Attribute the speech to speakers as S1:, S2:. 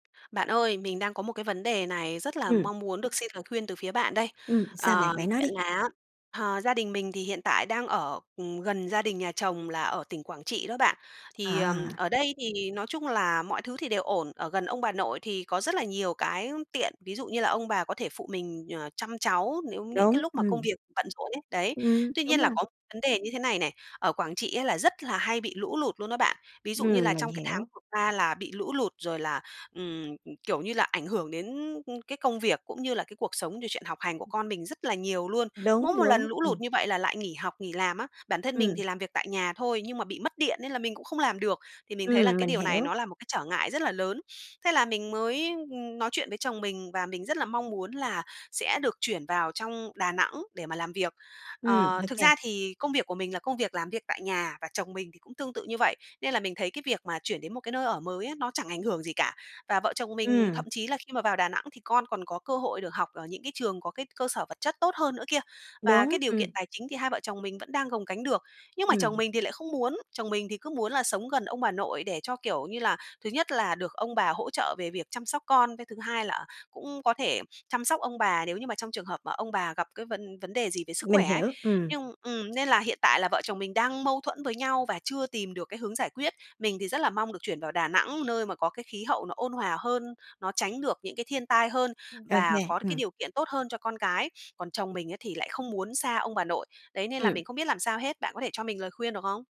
S1: Bạn ơi, mình đang có một cái vấn đề này rất là
S2: Ừm.
S1: mong muốn được xin lời khuyên từ phía bạn đây.
S2: Ừm, sao bạn?
S1: Ờ,
S2: Bạn nói
S1: chuyện
S2: đi.
S1: là á, ờ, gia đình mình thì hiện tại đang ở, ừm, gần gia đình nhà chồng là ở tỉnh Quảng Trị đó bạn. Thì, ờm,
S2: À.
S1: ở đây thì nói chung là mọi thứ thì đều ổn. Ở gần ông bà nội thì có rất là nhiều cái tiện. Ví dụ như là ông bà có thể phụ mình, ờ, chăm cháu nếu những
S2: Đúng.
S1: cái lúc mà công
S2: Ừm.
S1: việc bận rộn ấy, đấy.
S2: Ừm.
S1: Tuy
S2: Đúng
S1: nhiên là
S2: rồi.
S1: có một vấn đề như thế này này, ở Quảng Trị á là rất là hay bị lũ lụt luôn đó bạn. Ví dụ như
S2: Ừm,
S1: là
S2: mình
S1: trong cái tháng
S2: hiểu.
S1: vừa qua là bị lũ lụt rồi là, ừm, ừ, kiểu như là, ảnh hưởng đến, ư, cái công việc cũng như là cái cuộc sống, rồi chuyện học hành của con mình rất là nhiều luôn.
S2: Đúng,
S1: Mỗi một lần
S2: đúng.
S1: lũ lụt
S2: Ừm.
S1: như vậy là lại nghỉ học, nghỉ làm á. Bản thân mình
S2: Ừm.
S1: thì làm việc tại nhà thôi, nhưng mà bị mất điện nên là mình cũng không làm được. Thì mình thấy là
S2: Ừm,
S1: cái
S2: mình
S1: điều này
S2: hiểu.
S1: nó là một cái trở ngại rất là lớn. Thế là mình mới, ừm, nói chuyện với chồng mình, và mình rất là mong muốn là sẽ được chuyển vào trong Đà Nẵng để mà làm việc.
S2: Ừm,
S1: Ờ, thực
S2: OK.
S1: ra thì công việc của mình là công việc làm việc tại nhà và chồng mình thì cũng tương tự như vậy. Nên là mình thấy cái việc mà chuyển đến một cái nơi ở mới á, nó chẳng ảnh hưởng gì cả. Và vợ chồng mình
S2: Ừm.
S1: thậm chí là khi mà vào Đà Nẵng thì con còn có cơ hội được học ở những cái trường có cái cơ sở vật chất tốt hơn nữa kia. Và
S2: Đúng.
S1: cái điều kiện
S2: Ừm.
S1: tài chính thì hai vợ chồng mình vẫn đang gồng gánh được. Nhưng mà chồng
S2: Ừm.
S1: mình thì lại không muốn, chồng mình thì cứ muốn là sống gần ông bà nội để cho, kiểu như là, thứ nhất là được ông bà hỗ trợ về việc chăm sóc con. Cái thứ hai là cũng có thể chăm sóc ông bà nếu như mà trong trường hợp mà ông bà gặp cái vấn vấn đề gì về sức
S2: Mình
S1: khỏe ấy.
S2: hiểu. Ừm.
S1: Nhưng ừm, nên là hiện tại là vợ chồng mình đang mâu thuẫn với nhau và chưa tìm được cái hướng giải quyết. Mình thì rất là mong được chuyển vào Đà Nẵng, nơi mà có cái khí hậu nó ôn hòa hơn, nó tránh được những cái thiên tai hơn
S2: Ừm,
S1: và
S2: OK.
S1: có được cái
S2: Ừm.
S1: điều kiện tốt hơn cho con cái. Còn chồng mình ấy thì lại không muốn xa ông bà nội. Đấy nên là
S2: Ừm.
S1: mình không biết làm sao hết. Bạn có thể cho mình lời khuyên được không?